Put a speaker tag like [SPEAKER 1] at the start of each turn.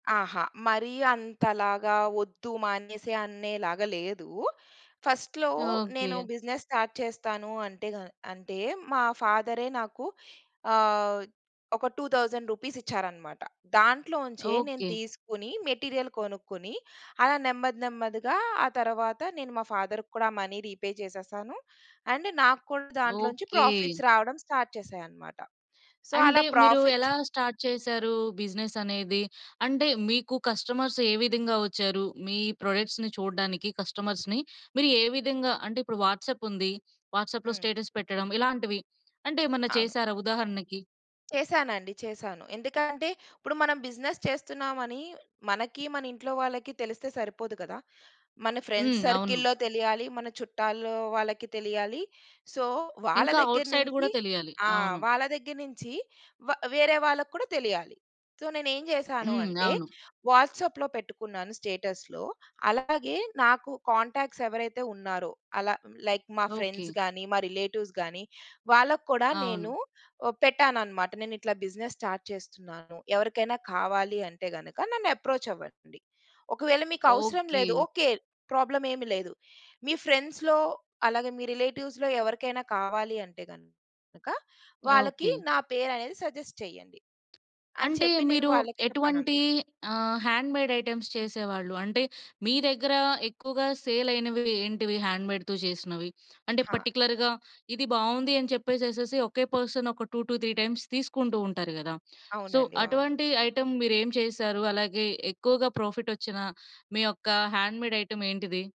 [SPEAKER 1] అహా! మరీ అంతలాగా వొద్దూ, మానేసే అనేలాగా లేదూ. ఫస్ట్‌‌లో నేను
[SPEAKER 2] ఓకె.
[SPEAKER 1] బిజినెస్ స్టార్ట్ చేస్తాను అంటేగ అంటే మా ఫాదరే నాకు ఆహ్, ఒక 2000 రూపీస్ ఇచ్చారన్నమాట. దాంట్లోంచే, నేను
[SPEAKER 2] ఓకె.
[SPEAKER 1] తీసుకొని, మెటీరియల్ కొనుక్కొని అలా నెమ్మది నెమ్మదిగా ఆ తరువాత, నేను మా ఫాదర్ కూడా మనీ రిపే చేసేసాను అండ్, నాక్కూడా దాంట్లో నుంచి
[SPEAKER 2] ఓకే.
[SPEAKER 1] ప్రాఫిట్స్ రావడం స్టార్ట్ చేసాయన్నమాట. సో,
[SPEAKER 2] అంటే,
[SPEAKER 1] అలా
[SPEAKER 2] మీరు
[SPEAKER 1] ప్రాఫిట్స్
[SPEAKER 2] ఎలా స్టార్ట్ చేసారూ బిజినెస్ అనేది? అంటే, మీకు కస్టమర్స్ ఏ విధంగా వచ్చారు? మీ ప్రొడక్ట్స్‌ని చూడ్డానికి కస్టమర్స్‌ని, మీరు ఏ విధంగా? అంటే ఇప్పుడు వాట్సాప్ ఉంది. వాట్సాప్‌లో
[SPEAKER 1] హ్మ్.
[SPEAKER 2] స్టేటస్ పెట్టడం. ఇలాంటివి. అంటేమన్నా
[SPEAKER 1] అవును.
[SPEAKER 2] చేసారా ఉదాహరణకి?
[SPEAKER 1] చేశానండి. చేశాను. ఎందుకంటే, ఇప్పుడు మనం బిజినెస్ చేస్తున్నామని మనకీ, మన ఇంట్లో వాళ్ళకి తెలిస్తే సరిపోదు కదా! మన ఫ్రెండ్స్
[SPEAKER 2] హ్మ్. అవును.
[SPEAKER 1] సర్కిల్‌లో తెలియాలీ. మన చుట్టాల్లో వాళ్ళకి తెలియాలీ. సో, వాళ్ళ
[SPEAKER 2] ఇంకా,
[SPEAKER 1] దగ్గర
[SPEAKER 2] ఔట్‌సైడ్
[SPEAKER 1] నుంచి
[SPEAKER 2] గూడా తెలియాలి.
[SPEAKER 1] ఆ!
[SPEAKER 2] అవును.
[SPEAKER 1] వాళ్ళ దగ్గర నుంచి వ వేరే వాళ్ళకి కూడా తెలియాలి. సో, నేను ఏం చేశాను
[SPEAKER 2] హ్మ్.
[SPEAKER 1] అంటే
[SPEAKER 2] అవును.
[SPEAKER 1] వాట్సాప్‌లో పెట్టుకున్నాను స్టేటస్‌లో. అలాగే, నాకు కాంటాక్ట్స్ ఎవరైతే ఉన్నారో అలా, లైక్ మా ఫ్రెండ్స్
[SPEAKER 2] ఓకె.
[SPEAKER 1] గాని, మా రిలేటివ్స్ గాని, వాళ్ళకి కూడా
[SPEAKER 2] అవును.
[SPEAKER 1] నేను అహ్, పెట్టానన్నమాట. నేనిట్లా బిజినెస్ స్టార్ట్ చేస్తున్నాను. ఎవరికైనా కావాలి అంటే గనుక నన్ను అప్రోచ్ అవ్వండి. ఒకవేళ మీకు అవసరం లేదు.
[SPEAKER 2] ఓకె.
[SPEAKER 1] ఓకె, ప్రాబ్లమ్ ఏమి లేదు. మీ ఫ్రెండ్స్‌లో, అలాగే మీ రిలేటివ్స్‌లో ఎవరికైనా కావాలి అంటే గనుక వాళ్ళకి
[SPEAKER 2] ఓకె.
[SPEAKER 1] నా పేరనేది సజెస్ట్ చెయ్యండి. అని
[SPEAKER 2] అంటే,
[SPEAKER 1] చెప్పి నేను
[SPEAKER 2] మీరు
[SPEAKER 1] వాళ్ళకి చెప్పాననమాట.
[SPEAKER 2] ఎటువంటి ఆహ్, హ్యాండ్‌మేడ్‌ ఐటెమ్స్ చేసేవాళ్ళు? అంటే, మీ దగ్గరా ఎక్కువగా సేల్ అయినవి ఏంటివి హ్యాండ్‌మేడ్‌తో చేసినవి? అంటే,
[SPEAKER 1] హా!
[SPEAKER 2] పర్టిక్యులర్‌గా, "ఇది బాగుంది" అని చెప్పేసేసేసి ఒకే పర్సన్ ఒక 2-3 టైమ్స్ తీసుకుంటూ ఉంటారు గదా! సో,
[SPEAKER 1] అవునండి, అవును.
[SPEAKER 2] అటువంటి ఐటెమ్ మీరేం చేశారు? అలాగే ఎక్కువగా ప్రాఫిట్ వచ్చిన మీ యొక్క హ్యాండ్‌మేడ్‌ ఐటెమ్ ఏంటిది?